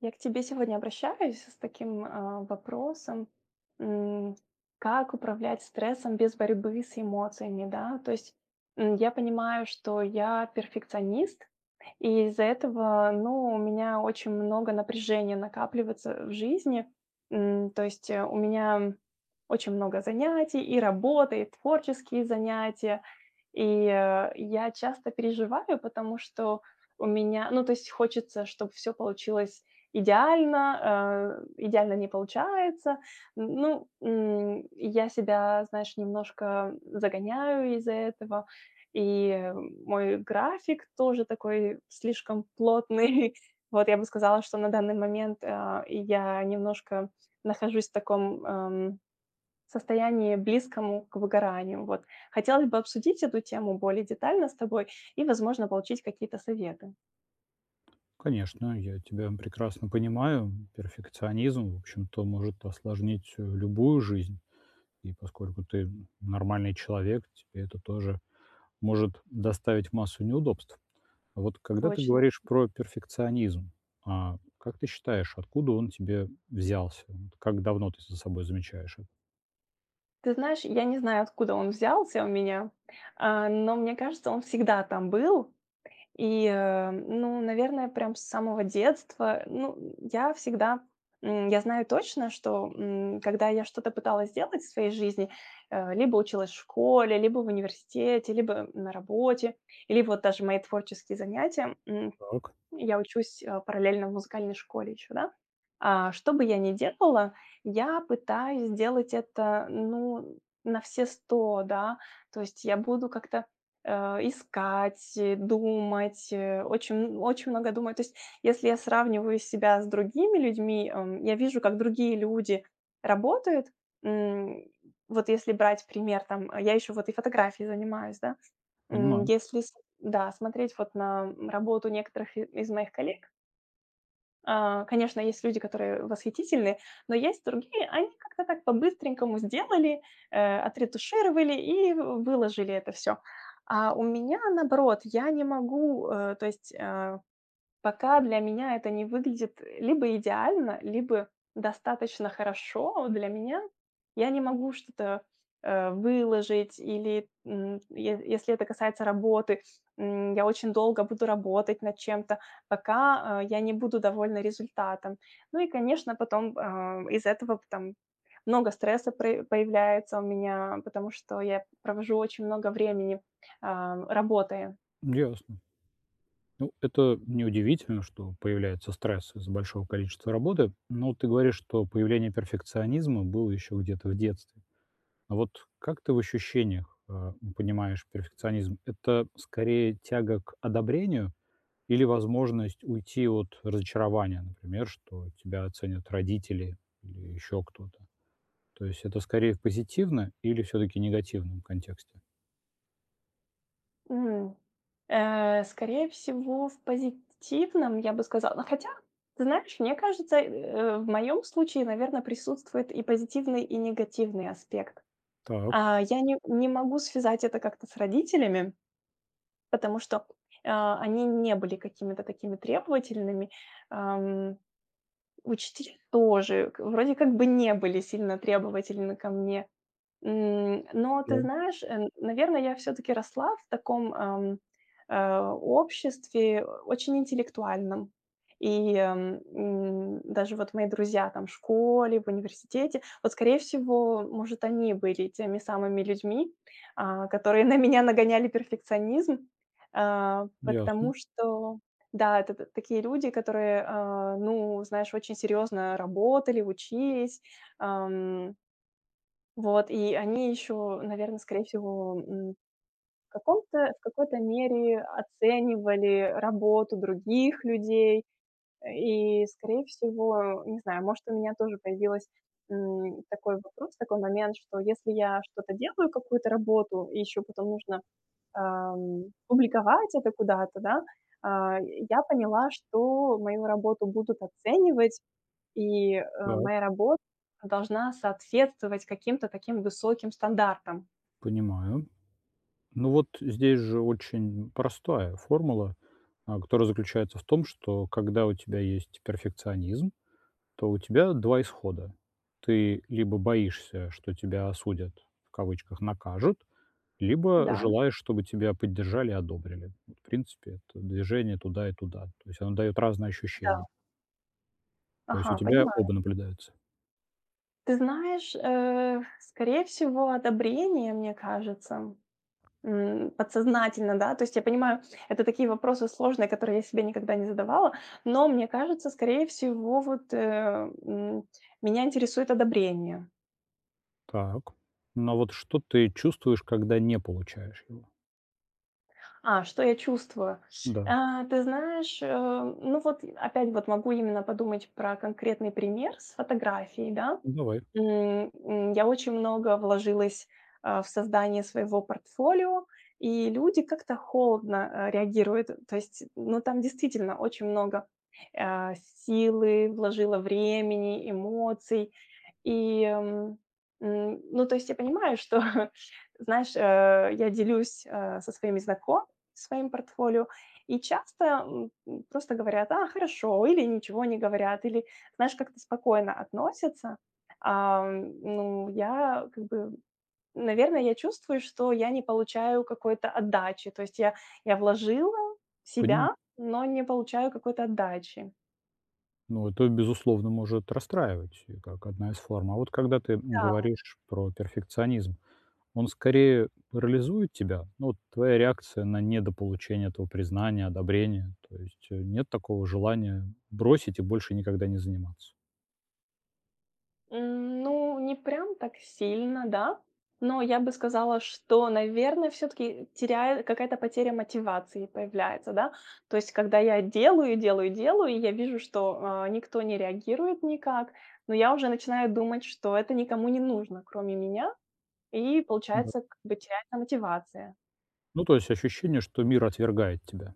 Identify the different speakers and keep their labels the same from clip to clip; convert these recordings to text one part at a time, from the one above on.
Speaker 1: Я к тебе сегодня обращаюсь с таким, а, вопросом, м. Как управлять стрессом без борьбы с эмоциями, да? То есть, м, я понимаю, что я перфекционист, и из-за этого, ну, у меня очень много напряжения накапливается, э, в жизни, м. То есть у меня очень много занятий, и работа, и творческие занятия. И, а я часто переживаю, потому что у меня ну, то есть хочется, чтоб всё получилось идеально, а идеально не получается. Н ну, м, я себя, знаешь, немножко, э, загоняю из-за этого. И мой график тоже такой слишком плотный. Вот, я бы сказала, что на данный момент, а, я немножко нахожусь в таком, ам, состоянии близкому к выгоранию. Вот, хотелось бы обсудить эту тему более детально с тобой и, возможно, получить какие-то советы.
Speaker 2: Конечно, я тебя прекрасно понимаю. Перфекционизм, в общем-то, может осложнить, э, любую жизнь, и поскольку ты нормальный человек, тебе это тоже может доставить массу неудобств. Вот когда ты
Speaker 1: Точно.
Speaker 2: говоришь про перфекционизм, а как ты считаешь, откуда он тебе взялся? Вот как давно ты за собой замечаешь это?
Speaker 1: Ты знаешь, я не знаю, откуда он взялся у меня, э, но мне кажется, он всегда там был. И, э, ну, наверное, прям с самого детства, ну, м, я всегда М, я знаю точно, что, м, когда я что-то пыталась сделать в своей жизни, э, либо училась в школе, либо в университете, либо на работе, либо вот даже мои творческие занятия, м,
Speaker 2: Так.
Speaker 1: я учусь параллельно в музыкальной школе ещё, да. Э, что бы я не делала, я пытаюсь сделать это, ну, на все 100, да. То есть я буду как-то, э, искать, думать, очень очень много думать. То есть если я сравниваю себя с другими людьми, м, я вижу, как другие люди работают, м. Вот если брать пример, там, а, я ещё вот и фотографией занимаюсь, да. М,
Speaker 2: Понимаю.
Speaker 1: если см да, смотреть вот на работу некоторых и из моих коллег э, конечно, есть люди, которые восхитительны, но есть другие. Они как-то так по-быстренькому сделали, э, отретушировали и выложили это всё. А у меня наоборот, я не могу, э, то есть Э, пока для меня это не выглядит, э, либо идеально, либо достаточно хорошо для меня. Я не могу что-то, э, выложить или, м, е если это касается работы, м, я очень долго буду работать над чем-то, пока, э, я не буду довольна результатом. Ну и, конечно, потом, э, из-за этого пт там много стресса пр появляется у меня, потому что я провожу очень много времени, э, работая.
Speaker 2: Ясно. Ну, это неудивительно, что появляется стресс из-за большого количества работы, но ты говоришь, что появление перфекционизма было ещё где-то в детстве. Вот как ты в ощущениях, э, понимаешь перфекционизм? Это скорее тяга к одобрению или возможность уйти от разочарования, например, что тебя ценят родители или ещё кто-то? То есть это скорее в позитивном или всё-таки негативном контексте?
Speaker 1: М. Э, скорее всего в позитивном, я бы сказала. Но хотя, ты знаешь, мне кажется, э, в моем случае, наверное, присутствует и позитивный, и негативный аспект.
Speaker 2: Так.
Speaker 1: А, я не не могу связать это как-то с родителями потому что, э, они не были какими-то такими требовательными, ам. Учитель тоже к вроде как бы не были сильно требовательны ко мне. М, но ты
Speaker 2: Да.
Speaker 1: знаешь, э, наверное, я всё-таки росла в таком, ам, э, обществе очень интеллектуальном. И, э, м, даже вот мои друзья там в школе, в университете, вот, скорее всего, может, они были теми самыми людьми, а, которые на меня нагоняли перфекционизм, э,
Speaker 2: Ясно.
Speaker 1: потому что Да, это т такие люди, которые, э, ну, знаешь, очень серьезно работали, учились, ам. Вот и они ещё, наверное, скорее всего, м, в каком-то в какой-то мере оценивали работу других людей. А, и скорее всего, не знаю, может, у меня тоже появилось, м, такой вопрос такой момент, что если я что-то делаю, какую-то работу, и ещё потом нужно, ам, публиковать это куда-то, да? А, я поняла, что мою работу будут оценивать, и, э,
Speaker 2: Так.
Speaker 1: моя рабо должна соответствовать каким-то таким высоким стандартам.
Speaker 2: Понимаю. Ну, вот здесь же очень простая формула, э, которая заключается в том, что когда у тебя есть перфекционизм, то у тебя 2 исхода: ты либо боишься, что тебя осудят, в кавычках, накажут, либо
Speaker 1: Да.
Speaker 2: желаешь, чтобы тебя поддержали и одобрили. М, в принципе, это движение туда и туда, то есть оно дает разные
Speaker 1: Да.
Speaker 2: ощущения. То есть у
Speaker 1: Ага,
Speaker 2: тебя
Speaker 1: понимаю.
Speaker 2: оба наблюдаются.
Speaker 1: Ты знаешь, э, скорее всего, одобрение, мне кажется, м. М, подсознательно, да, то есть я понимаю, это такие вопросы сложные, которые я себе никогда не задавала, но мне кажется, скорее всего, вот, э, м, меня интересует одобрение.
Speaker 2: Так. Ну, а вот что ты чувствуешь, когда не получаешь его?
Speaker 1: А, что я чувствую?
Speaker 2: Да.
Speaker 1: А, ты знаешь, а, ну вот, э, опять могу именно подумать про конкретный пример с фотографией, да.
Speaker 2: Ну, давай.
Speaker 1: М, м, я очень много вложилась, а, в создание своего портфолио, и люди как-то холодно, а, реагируют, то есть, ну, там действительно очень много, а, силы вложила, времени, эмоций, и, м, м. Ну, то есть, я понимаю, что, знаешь, э, я делюсь, а, со своими знакомыми своим портфолио, и часто, м, м, просто говорят: "А, хорошо", или ничего не говорят, или, знаешь, как-то спокойно относятся. Ам, ну я, как бы, м, наверное, я чувствую, что я не получаю какой-то отдачи, то есть я я вложила себя,
Speaker 2: Понимаю.
Speaker 1: но не получаю какой-то отдачи.
Speaker 2: Ну, это, безусловно, может расстраивать и как одна из форм. А вот когда ты, м,
Speaker 1: Да.
Speaker 2: говоришь про перфекционизм, он скорее парализует тебя? Ну вот, твоя реакция на недополучение этого признания, одобрения? То есть, э, нет такого желания бросить и больше никогда не заниматься?
Speaker 1: М, ну, не прям так сильно, да. Но я бы сказала, что, наверное, всё-таки теряю какая-то потеря мотивации появляется, да. То есть когда я делаю делаю делаю, и я вижу, что, а, никто не реагирует никак, но я уже начинаю думать, что это никому не нужно, кроме меня, и
Speaker 2: Да.
Speaker 1: получается, как бы, теряется мотивация.
Speaker 2: Ну, то есть ощущение, что мир отвергает тебя.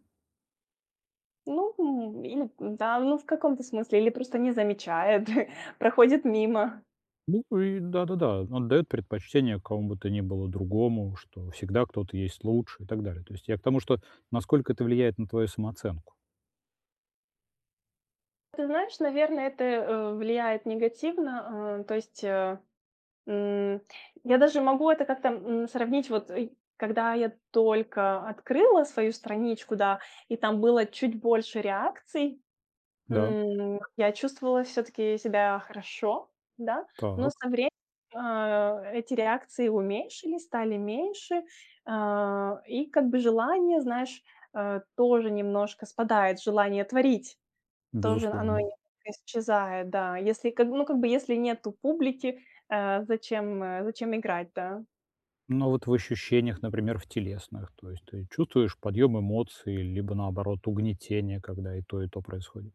Speaker 1: Ну, ин да, но в каком-то смысле или просто не замечает, проходит мимо.
Speaker 2: Ну, и да-да-да, он даёт предпочтение какому бы то ни было другому, что всегда кто-то есть лучше и так далее. То есть я к тому, что насколько это влияет на твою самооценку?
Speaker 1: Ты знаешь, наверное, это, э, влияет негативно, а, то есть, а, м, я даже могу это как-то, м, сравнить. Вот, и когда я только открыла свою страничку, да, и там было чуть больше реакций,
Speaker 2: Да.
Speaker 1: м, я чувствовала всё-таки себя хорошо, да, но
Speaker 2: Так.
Speaker 1: со вре а эти реакции уменьшились, стали меньше, а, и как бы желание, знаешь, а, тоже немножко спадает, желание творить, тоже оно и
Speaker 2: Безусловно.
Speaker 1: исчезает, да. Если, как, ну, как бы, если нету публики, а зачем а зачем играть, да?
Speaker 2: Ну, вот в ощущениях, например, в телесных, то есть ты чувствуешь подъем эмоций либо, наоборот, угнетение, когда и то, и то происходит?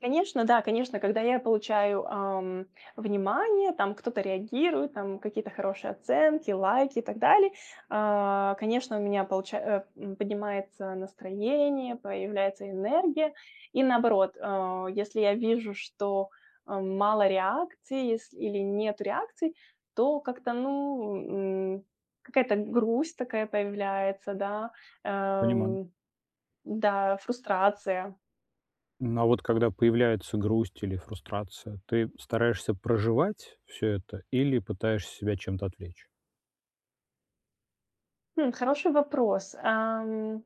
Speaker 1: Конечно, да, конечно, когда я получаю, а, м, внимание, там, кто-то реагирует, там, какие-то хорошие оценки, лайки и так далее, а, конечно, у меня получа а, э, поднимается настроение, появляется энергия. И наоборот, э, если я вижу, что, м, мало реакций, есл или нету реакций, то как-то, ну, м, какая-то грусть такая появляется, да. Э,
Speaker 2: Понимаю.
Speaker 1: м. Да, фрустрация.
Speaker 2: М, а вот когда появляется грусть или фрустрация, ты стараешься проживать всё это или пытаешься себя чем-то отвлечь?
Speaker 1: Хм, хороший вопрос. Эм.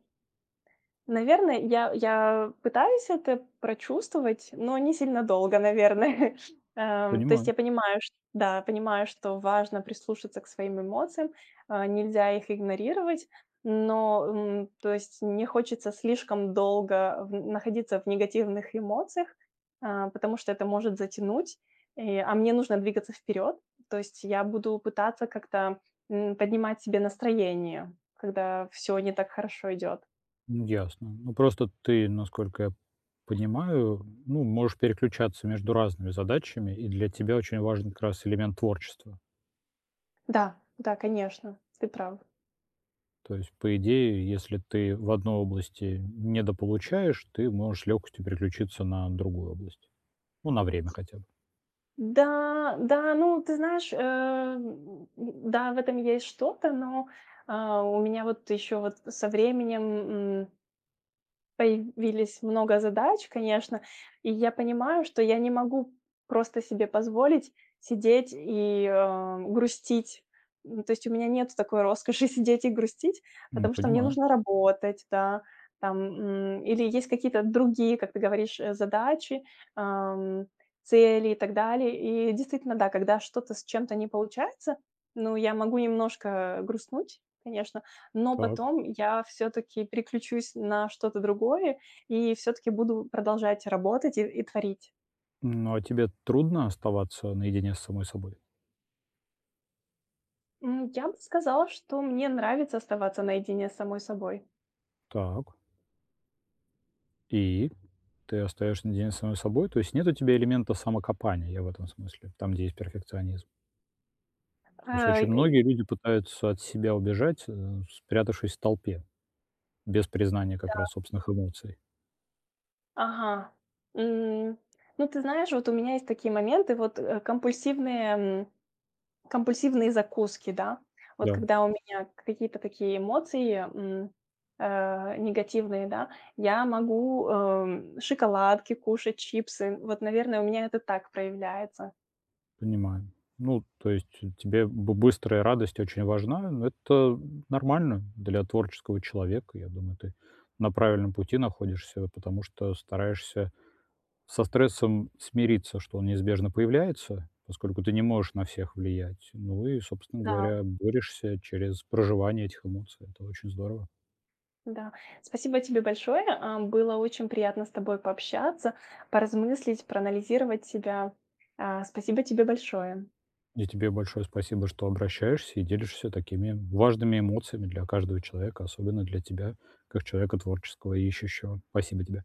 Speaker 1: Наверное, я я пытаюсь это прочувствовать, но не сильно долго, наверное. Эм, то есть
Speaker 2: Понимаю.
Speaker 1: я понимаю, что Да. Я понимаю, что важно прислушаться к своим эмоциям, а, нельзя их игнорировать, но, м, то есть не хочется слишком долго в на находиться в негативных эмоциях, э, потому что это может затянуть, и, а мне нужно двигаться вперед. То есть я буду пытаться как-то, м, поднимать себе настроение, когда всё не так хорошо идет.
Speaker 2: М, ясно. Ну, просто ты, насколько я понимаю, ну, можешь переключаться между разными задачами, и для тебя очень важен как раз элемент творчества.
Speaker 1: Да, да, конечно. Ты прав.
Speaker 2: То есть, по идее, если ты в одной области недополучаешь, ты можешь с лёгкостью переключиться на другую область. Ну, на время хотя бы.
Speaker 1: Да, да, ну, ты знаешь, э, м, м, да, в этом есть что-то, но, э, у меня вот ещё вот со временем, м появились много задач, конечно. И я понимаю, что я не могу просто себе позволить сидеть и, эм, грустить. Э, то есть у меня нет такой роскоши сидеть и грустить,
Speaker 2: М,
Speaker 1: потому что мне
Speaker 2: понимаю.
Speaker 1: нужно работать, да, там, м, или есть какие-то другие, как ты говоришь, э, задачи, э, м, цели и так далее. И действительно, да, когда что-то с чем-то не получается, ну, я могу немножко взгрустнуть, конечно, но
Speaker 2: Так.
Speaker 1: потом я всё-таки переключусь на что-то другое и всё-таки буду продолжать работать и и творить.
Speaker 2: Ну, а тебе трудно оставаться наедине с самой собой?
Speaker 1: Ну, я бы сказала, что мне нравится оставаться наедине с самой собой.
Speaker 2: Так. И? Ты остаешься наедине с самой собой? То есть нет у тебя элемента самокопания, я в этом смысле. Там, где есть перфекционизм.
Speaker 1: Э
Speaker 2: То есть очень
Speaker 1: эй
Speaker 2: многие люди пытаются от себя убежать, э, спрятавшись в толпе, без признания как
Speaker 1: Да.
Speaker 2: раз собственных эмоций.
Speaker 1: Ага. М. Ну, ты знаешь, вот у меня есть такие моменты, вот, э, компульсивные, м, компульсивные закуски, да. Вот
Speaker 2: Да.
Speaker 1: когда у меня какие-то такие эмоции, м, э, негативные, да, я могу, э, шоколадки кушать, чипсы. Вот, наверное, у меня это так проявляется.
Speaker 2: Понимаю. Ну, то есть тебе бы быстрая радость очень важна, но это, м, нормально для творческого человека. Я думаю, ты на правильном пути находишься, вот потому что стараешься со стрессом смириться, что он неизбежно появляется, поскольку ты не можешь на всех влиять. Ну и, собственно
Speaker 1: Да.
Speaker 2: говоря, борешься через проживание этих эмоций. Это очень здорово.
Speaker 1: Да. Спасибо тебе большое! Э, было очень приятно с тобой пообщаться, поразмыслить, проанализировать себя. А, спасибо тебе большое!
Speaker 2: И тебе большое спасибо, что обращаешься и делишься такими важными эмоциями для каждого человека, особенно для тебя как человека творческого и ищущего. Спасибо тебе.